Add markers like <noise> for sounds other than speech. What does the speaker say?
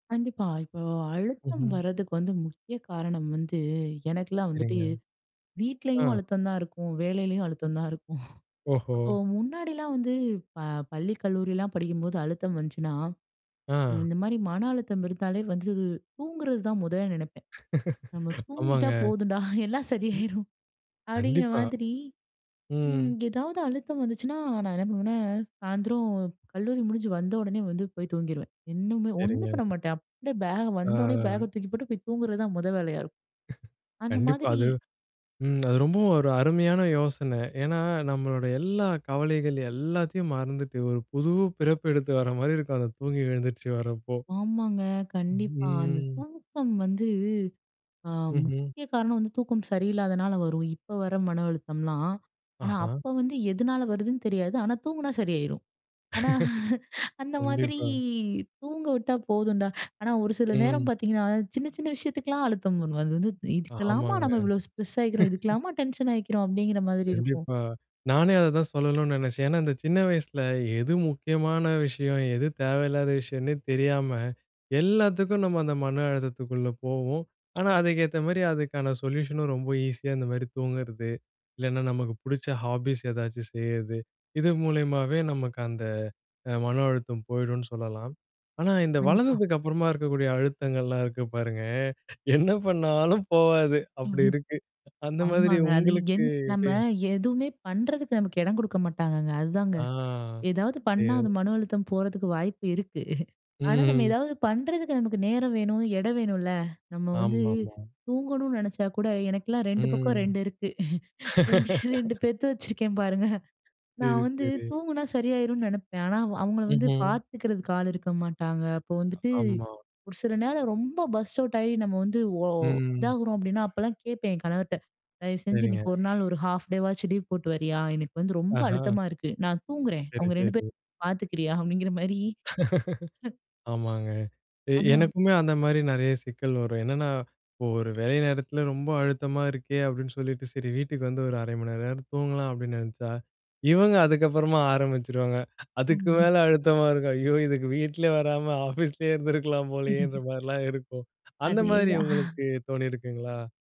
கண்டிப்பா. இப்போ அழுத்தம் ம்ஹ்ம். வரதுக்கு வந்து முக்கிய காரணம் வந்து எனக்கெல்லாம் வந்துட்டு, சரிங்க. அ. வீட்லயும் அழுத்தம் தான் இருக்கும், வேலையிலயும் அழுத்தம் தான் இருக்கும். <snorts> ஓஹோ! அப்போ முன்னாடிலாம் வந்து ப பள்ளி கல்லூரிலாம் படிக்கும்போது அழுத்தம் வந்துச்சுனா, அ. இந்த மாரி மன அழுத்தம் இருந்தாலே வந்து தூங்குறது தான் மொத நெனைப்பேன். "நம்ம <laughs> தூங்கிட்டா ஆமாங்க. போதும்டா. எல்லாம் ம். சரியாயிரும்." அப்படீங்கிற கண்டிப்பா. மாதிரி. ம். ம் எதாவது அழுத்தம் வந்துச்சுனா நான் என்ன பண்ணுவன்னா, சாயந்தரம் கல்லூரி முடிஞ்சு வந்த உடனே வந்து போய் தூங்கிருவேன். இன்னுமே ஒண்ணுமே சரிங்க. பண்ண மாட்டேன். அப்படியே பேக்க வந்த ஒன்னே பேக ஆ. தூக்கி போட்டு போய் தூங்குறதுதான் மொத வேலையா இருக்கும். <chuckles> அந்த கண்டிப்பா. மாதிரி அது, ம் அது ரொம்பவும் ஒரு அருமையான யோசனை. ஏன்னா, நம்மளோட எல்லா கவலைகள் எல்லாத்தையும் மறந்துட்டு, ஒரு புது பிறப்பு எடுத்து வர மாதிரி இருக்கும். அந்த தூங்கி எழுந்திரிச்சு வரப்போ. ஆமாங்க. கண்டிப்பா. அந்த ஹ்ம். தூக்கம் வந்து அ ம்ஹ்ம். முக்கிய காரணம் வந்து தூக்கம் சரியில்லாதனால வரும், இப்ப வர மன அழுத்தம்லாம். ஆனா ஆஹா. அப்ப வந்து எதனால வருதுன்னு தெரியாது. ஆனா தூங்குனா சரியா யிரும். ஆனா, <laughs> அந்த மாதிரி கண்டிப்பா. தூங்க விட்டா போதும்டா. ஆனா ஒரு சில நேரம் ம். பார்த்தீங்கன்னா, சின்ன சின்ன விஷயத்துக்கெல்லாம் அழுத்தம் <unintelligible> அது வந்து, "இதுக்கெல்லாமா ஆமாங்க. நாம இவ்ளோ ஸ்ட்ரெஸ்ஸாயிக்கிறோம். <laughs> இதுக்கெல்லாமா டென்ஷன் ஆயிக்கிறோம்." அப்படீங்கிற மாதிரி இருக்கும். கண்டிப்பா. நானே அதைதான் சொல்லணும்ன்னு நெனைச்சேன். ஏன்னா, இந்த சின்ன வயசுல எது முக்கியமான விஷயம் எது தேவையில்லாத விஷயம்னே தெரியாம, எல்லாத்துக்கும் நம்ம அந்த மன அழுத்தத்துக்குள்ள போவோம். ஆனா, அதுக்கேத்த மாரி அதுக்கான சொல்யூஷனும் ரொம்ப ஈஸியா இந்த மாரி தூங்குறது, இல்லைன்னா நமக்கு புடிச்ச ஹாபீஸ் ஏதாச்சும் செய்றது. இது மூலியமாவே நமக்கு அந்த அ மன அழுத்தம் போயிடும்னு சொல்லலாம். ஆனா, இந்த கண்டிப்பா. வளர்ந்ததுக்கு அப்புறமா இருக்கக்கூடிய அழுத்தங்கள்லாம் இருக்கு பாருங்க, என்ன பண்ணாலும் போவாது. அப்படி <unintelligible> இருக்கு. அந்த மாதிரி ஆமாங்க. அது என் உங்களுக்கு? நம்ம <unintelligible> எதுவுமே பண்ணுறதுக்கு நமக்கு இடம் குடுக்க மாட்டாங்கங்க, அதுதாங்க. ஆ. ஏதாவது பண்ணா, சரியா, அது மன அழுத்தம் போறதுக்கு வாய்ப்பு இருக்கு. ஆனா நம்ம ம்ஹ்ம். ஏதாவது பண்ணுறதுக்கு நமக்கு நேரம் வேணும், இடம் வேணும்ல்ல. நம்ம வந்து ஆமாமா. தூங்கணும்னு நெனைச்சா கூட, எனக்கெல்லாம் 2 பக்கம் ம். 2 இருக்கு. 2 2 <laughs> பெத்து வச்சுருக்கேன் பாருங்க. சரி, நான் வந்து சரி. தூங்குனா சரியாயிரும்ன்னு நெனைப்பேன். ஆனா அவ் அவங்கள வந்து ம்ஹ்ம். பார்த்துக்கிறதுக்கு ஆள் இருக்க மாட்டாங்க. அப்போ வந்துட்டு, ஆமா. "ஒரு சில நேரம் ரொம்ப பர்ஸ்ட் அவுட் ஆயி நம்ம வந்து ஒ ம். இதாகுறோம்." அப்படீன்னா அப்பல்லாம் கேட்பேன் என் கணவர்ட்ட "தயவு செஞ்சு சரிங்க. இன்னைக்கு ஒரு நாள் ஒரு ஹால்ஃப் டேவாச்சும் லீவ் போட்டு வரியா? எனக்கு வந்து ரொம்ப ஆஹா. அழுத்தமா இருக்கு. நான் தூங்குறேன். சரி, அவங்க 2 சரி. பேரையும் பார்த்துக்கிறியா?" அப்படீங்கிற மாரி. <unintelligible> <laughs> ஆமாங்க. எ அந்த எனக்குமே அந்த மாரி நெறைய சிக்கல் வரும். என்னன்னா, "இப்போ ஒரு வேலை நேரத்தில ரொம்ப அழுத்தமா இருக்கே." அப்படீன்னு சொல்லிட்டு, "சரி வீட்டுக்கு வந்து ஒரு 0:30 மணி நேரமாவது தூங்கலாம்." அப்படீன்னு நெனைச்சா, இவங்க அதுக்கப்பறமா ஆரம்பிச்சுருவாங்க. அதுக்கு ம். மேல அழுத்தமா இருக்கும். ஐயோ! இதுக்கு வீட்ல வராம ஆஃபீஸ்லே இருந்திருக்கலாம் போலயேன்ற <chuckles> மாரிலாம் இருக்கும். அந்த மாதிரி அதேதான். உங்களுக்கு தோணியிருக்குங்களா?